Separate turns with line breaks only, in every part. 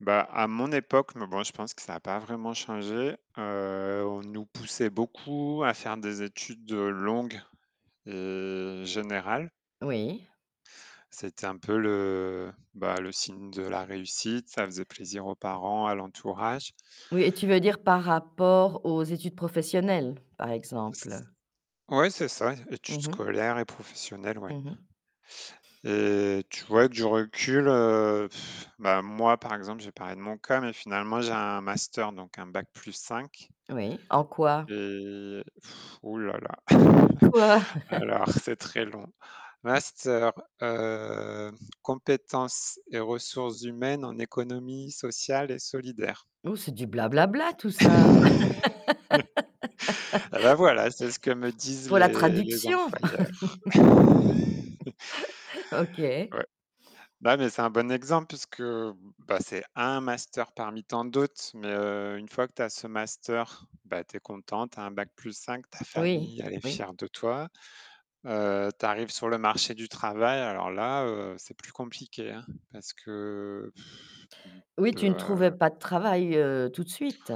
Bah, à mon époque Mais bon, je pense que ça a pas vraiment changé, heu, on nous poussait beaucoup à faire des études longues et générales.
Oui.
C'était un peu le, bah, le signe de la réussite. Ça faisait plaisir aux parents, à l'entourage.
Oui, et tu veux dire par rapport aux études professionnelles, par exemple?
Ouais, c'est ça. Études
Mmh mh.
scolaires et professionnelles, ouais.
Mmh mh.
Heu, tu vois, du recul, heu bah, moi, par exemple, j'ai parlé de mon cas, mais finalement, j'ai un master, donc un Bac + 5
Oui. En quoi?
et ouh là là.
Quoi?
Alors, c'est très long, master, heu, compétences et ressources humaines en économie sociale et solidaire.
Ouh, c'est du blablabla, tout ça!
Ah, là, voilà! C'est ce que me disent
Pour la
les les
traduction!
employeurs.
OK.
Ouais. Bah, mais c'est un bon exemple parce que, bah, c'est un master parmi tant d'autres. Mais, heu, une fois que tu as ce master, bah, tu es content, tu as un Bac + 5, ta
Oui,
famille, elle est
oui.
fière de toi, heu, tu arrives sur le marché du travail, alors là, heu, c'est plus compliqué, hein, parce que
Oui, tu ne trouvais
mmh
pas de travail, heu, tout de suite.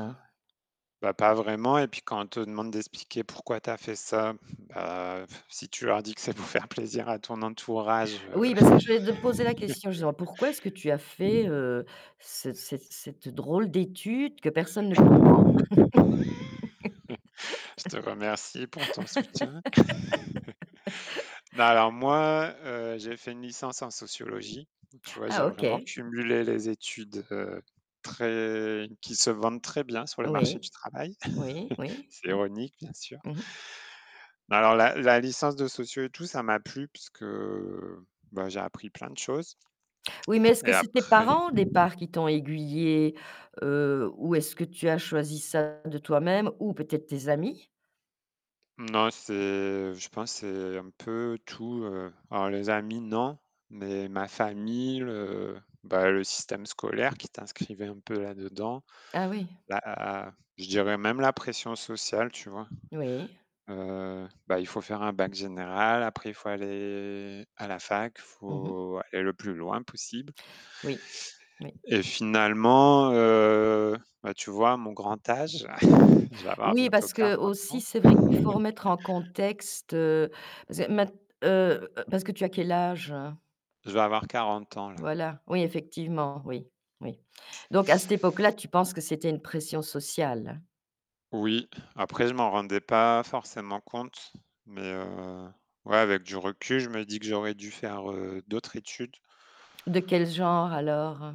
Bah, pas vraiment. Et puis, quand on te demande d'expliquer pourquoi tu as fait ça, bah, si tu leur dis que c'est pour faire plaisir à ton entourage, heu
Oui, parce que je voulais de poser la question, justement. Pourquoi est-ce que tu as fait, heu, ce cette cette drôle d'étude que personne ne comprend?
Je te remercie pour ton soutien. Alors moi, heu, j'ai fait une licence en sociologie. Tu vois, j'ai
Ah,
vraiment
OK.
cumulé les études, heu, très qui se vendent très bien sur le marché du
Oui.
travail.
Oui, oui,
C'est
oui.
ironique, bien sûr.
Mmh mh.
Alors, la la licence de socio et tout, ça m'a plu puisque bah, j'ai appris plein de choses.
Oui, mais est-ce
Et
que c'est tes
après
parents, au départ, qui t'ont aiguillé, heu, ou est-ce que tu as choisi ça de toi-même, ou peut-être tes amis?
Non, c'est, je pense, c'est un peu tout, heu Alors, les amis, non, mais ma famille, le, bah, le système scolaire qui t'inscrivait un peu là-dedans,
Ah oui.
bah a a je dirais même la pression sociale, tu vois?
Oui.
Heu, bah, il faut faire un Bac général, après il faut aller à la fac, il
Mmh mh.
faut aller le plus loin possible.
Oui, oui.
Et finalement, heu bah, tu vois, à mon grand âge Je vais avoir
Oui,
bientôt
parce que,
40
aussi,
ans.
c'est vrai qu'il faut remettre en contexte, heu parce maint heu parce que tu as quel âge?
Je vais avoir 40 ans, là.
Voilà! Oui, effectivement. Oui, oui. Donc, à cette époque-là, tu penses que c'était une pression sociale?
Oui. Après, je m'en rendais pas forcément compte, mais heu, ouais, avec du recul, je me dis que j'aurais dû faire, heu, d'autres études.
De quel genre, alors?